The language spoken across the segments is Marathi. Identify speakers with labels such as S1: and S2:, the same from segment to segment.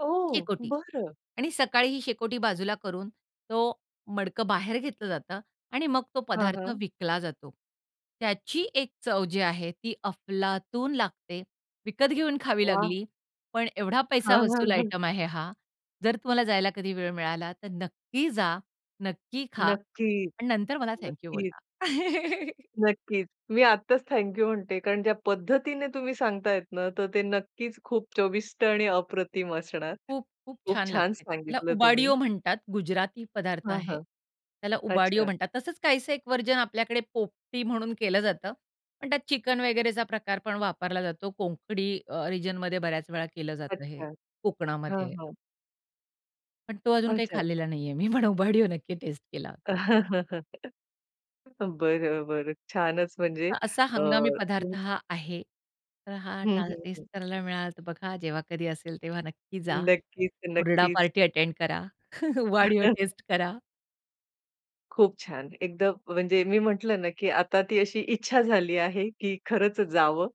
S1: ओह!
S2: शेकोटी
S1: बरं.
S2: आणि सकाळी ही शेकोटी बाजूला करून तो मडकं बाहेर घेतलं जातं आणि मग तो
S1: हां,
S2: पदार्थ
S1: हां.
S2: विकला जातो. त्याची एक चव जी आहे, ती अफलातून लागते. विकत घेऊन खावी
S1: वाह!
S2: लागली पण एवढा पैसा
S1: हां, हां,
S2: वसूल
S1: हां.
S2: आयटम आहे हा. जर तुम्हाला जायला कधी वेळ मिळाला तर नक्की जा, नक्की खा
S1: नक्की.
S2: आणि नंतर मला थँक यू
S1: नक्कीच.
S2: बोला.
S1: नक्कीच, मी आत्ताच थँक यू म्हणते कारण ज्या पद्धतीने तुम्ही सांगतायत ना, तर ते नक्कीच खूप चविष्ट आणि अप्रतिम असणार.
S2: खूप-खूप
S1: खूप
S2: छान
S1: छान
S2: लागते. त्याला
S1: सांगितलं तुम्ही.
S2: उबाडियो म्हणतात, गुजराती पदार्थ
S1: हां,
S2: आहे.
S1: हां.
S2: त्याला उबाडियो
S1: अच्छा!
S2: म्हणतात. तसंच काहीसं एक व्हर्जन आपल्याकडे पोपटी म्हणून केलं जातं. पण त्यात चिकन वगैरेचा प्रकार पण वापरला जातो. कोंकणी रिजनमध्ये बऱ्याच वेळा केलं जातं हे
S1: अच्छा. हां,
S2: कोकणामध्ये.
S1: हां.
S2: पण तो अजून काही
S1: अच्छा.
S2: खाल्लेला नाही आहे. मी पण उबाडियो नक्की टेस्ट केला होता.
S1: बरं, बरं. छानच. म्हणजे
S2: असा
S1: अ,
S2: हंगामी पदार्थ
S1: [unintelligible]
S2: हा आहे. तर हा
S1: हं, हं,
S2: टेस्ट
S1: हं.
S2: करायला मिळाला तर बघा जेव्हा कधी असेल तेव्हा नक्की जा,
S1: नक्कीच,
S2: हुरडा
S1: नक्कीच.
S2: पार्टी अटेंड करा उबाडियो टेस्ट करा.
S1: खूप छान, एकदा म्हणजे मी म्हटलं ना, की आता ती अशी इच्छा झाली आहे की खरंच जावं.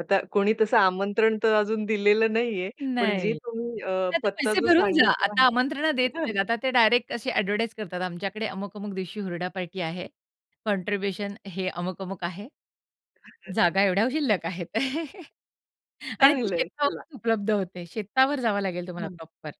S1: आता कोणी तसं आमंत्रण तर अजून दिलेलं नाही आहे. पण जे
S2: नाही
S1: तुम्ही अ,
S2: आता
S1: पत्ता
S2: पैसे
S1: जो
S2: भरून जा.
S1: सांगितला
S2: आता
S1: आहे.
S2: आमंत्रण देत
S1: [unintelligible]
S2: नाहीत. आता ते डायरेक्ट असे एडव्हर्टाइज करतात. आमच्याकडे अमुक-अमुक दिवशी हुरडा पार्टी आहे. कॉन्ट्रिब्युशन हे अमुक-अमुक आहे. जागा एवढ्या शिल्लक आहेत. आणि ती
S1: चांगलं आहे चला.
S2: शेतावरच उपलब्ध होते. शेतावर जावं लागेल तुम्हाला
S1: हं.
S2: प्रॉपर.